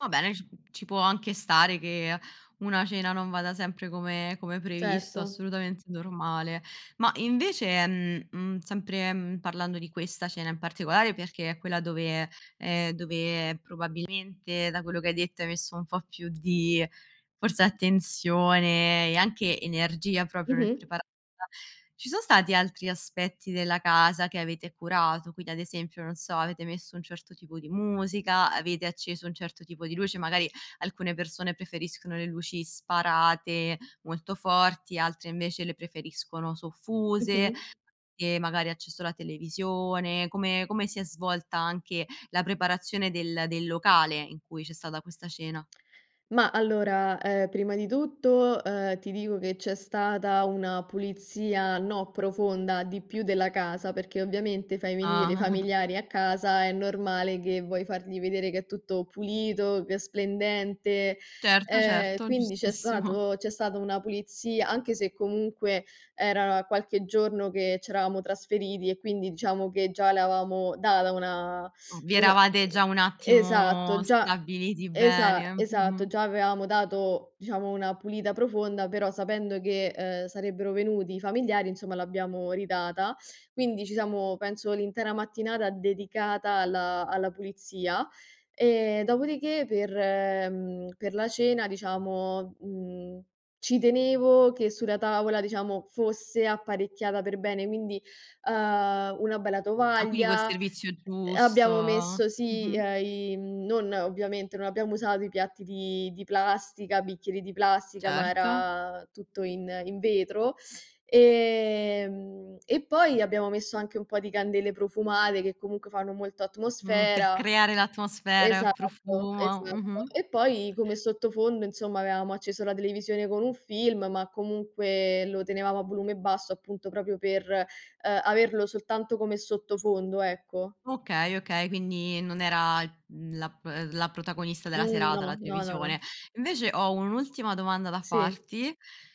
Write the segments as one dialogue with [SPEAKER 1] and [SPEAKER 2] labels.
[SPEAKER 1] Va bene, ci ci può anche stare che una cena non vada sempre come come previsto,
[SPEAKER 2] Certo.
[SPEAKER 1] assolutamente normale. Ma, invece, ehm, mhmm, sempre, mhmm, parlando di questa cena in particolare perché è quella dove, ehm, dove, probabilmente, da quello che hai detto, hai messo un po' più di forse attenzione e anche energia proprio nel
[SPEAKER 2] Mh-mh.
[SPEAKER 1] prepa [unintelligible] Ci sono stati altri aspetti della casa che avete curato, quindi, ad esempio, non so, avete messo un certo tipo di musica? Avete acceso un certo tipo di luce? Magari, alcune persone preferiscono le luci sparate, molto forti, altre invece le preferiscono soffuse
[SPEAKER 2] Mh-mh.
[SPEAKER 1] e magari acceso la televisione. Come come si è svolta anche la preparazione del del locale in cui c'è stata questa cena?
[SPEAKER 2] Ma, allora, ehm, prima di tutto, ehm, ti dico che c'è stata una pulizia, no profonda, di più, della casa, perché ovviamente fai venire
[SPEAKER 1] Ah.
[SPEAKER 2] i familiari a casa, è normale che vuoi fargli vedere che è tutto pulito, che è splendente,
[SPEAKER 1] Certo,
[SPEAKER 2] ehm,
[SPEAKER 1] certo,
[SPEAKER 2] quindi c'è
[SPEAKER 1] giustissimo.
[SPEAKER 2] stato c'è stata una pulizia anche se, comunque, era qualche giorno che ci eravamo trasferiti e quindi diciamo che già l'avevamo data una
[SPEAKER 1] M vi
[SPEAKER 2] una,
[SPEAKER 1] eravate
[SPEAKER 2] ehm
[SPEAKER 1] già un attimo
[SPEAKER 2] esatto, già,
[SPEAKER 1] stabiliti bene,
[SPEAKER 2] esa esatto,
[SPEAKER 1] mh-mh.
[SPEAKER 2] già avevamo dato, diciamo, una pulita profonda, però, sapendo che, ehm, sarebbero venuti i familiari, insomma, l'abbiamo ridata. Quindi, ci siamo penso, l'intera mattinata, dedicata alla alla pulizia e dopodiché per, mhmm, per la cena, diciamo, mhmm, ci tenevo che sulla tavola, diciamo, fosse apparecchiata per bene, quindi, uhm, una bella
[SPEAKER 1] Ah, quindi col
[SPEAKER 2] tovaglia,
[SPEAKER 1] servizio giusto,
[SPEAKER 2] abbiamo messo, sì,
[SPEAKER 1] mh-mh.
[SPEAKER 2] ehm i non ovviamente, non abbiamo usato i piatti di di plastica, bicchieri di plastica, ma
[SPEAKER 1] Certo.
[SPEAKER 2] era tutto in in vetro. Ehm, e poi abbiamo messo anche un po' di candele profumate che, comunque, fanno molto
[SPEAKER 1] Mh, per
[SPEAKER 2] atmosfera.
[SPEAKER 1] creare l'atmosfera,
[SPEAKER 2] Esatto,
[SPEAKER 1] profumo,
[SPEAKER 2] esatto.
[SPEAKER 1] mh-mh.
[SPEAKER 2] E poi, come sottofondo, insomma, avevamo acceso la televisione con un film, ma comunque lo tenevamo a volume basso, appunto, proprio per, eh, averlo soltanto come sottofondo, ecco.
[SPEAKER 1] Okay, okay, quindi non era, mhmm, la p la protagonista della
[SPEAKER 2] Mh,
[SPEAKER 1] serata la
[SPEAKER 2] no. No, no,
[SPEAKER 1] televisione.
[SPEAKER 2] no.
[SPEAKER 1] Invece, ho un'ultima domanda da
[SPEAKER 2] Sì.
[SPEAKER 1] farti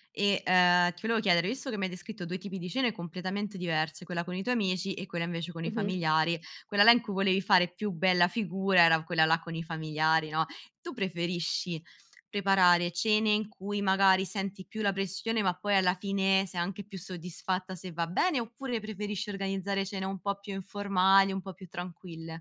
[SPEAKER 1] e, ehm, ti volevo chiedere, visto che m'hai descritto due tipi di cene completamente diverse, quella con i tuoi amici e quella invece con i
[SPEAKER 2] Mh-mh.
[SPEAKER 1] familiari, quella là in cui volevi fare più bella figura era quella là con i familiari, no? Tu preferisci preparare cene in cui, magari, senti più la pressione, ma poi, alla fine, sei anche più soddisfatta, se va bene? Oppure, preferisci organizzare cene un po' più informali, un po' più tranquille?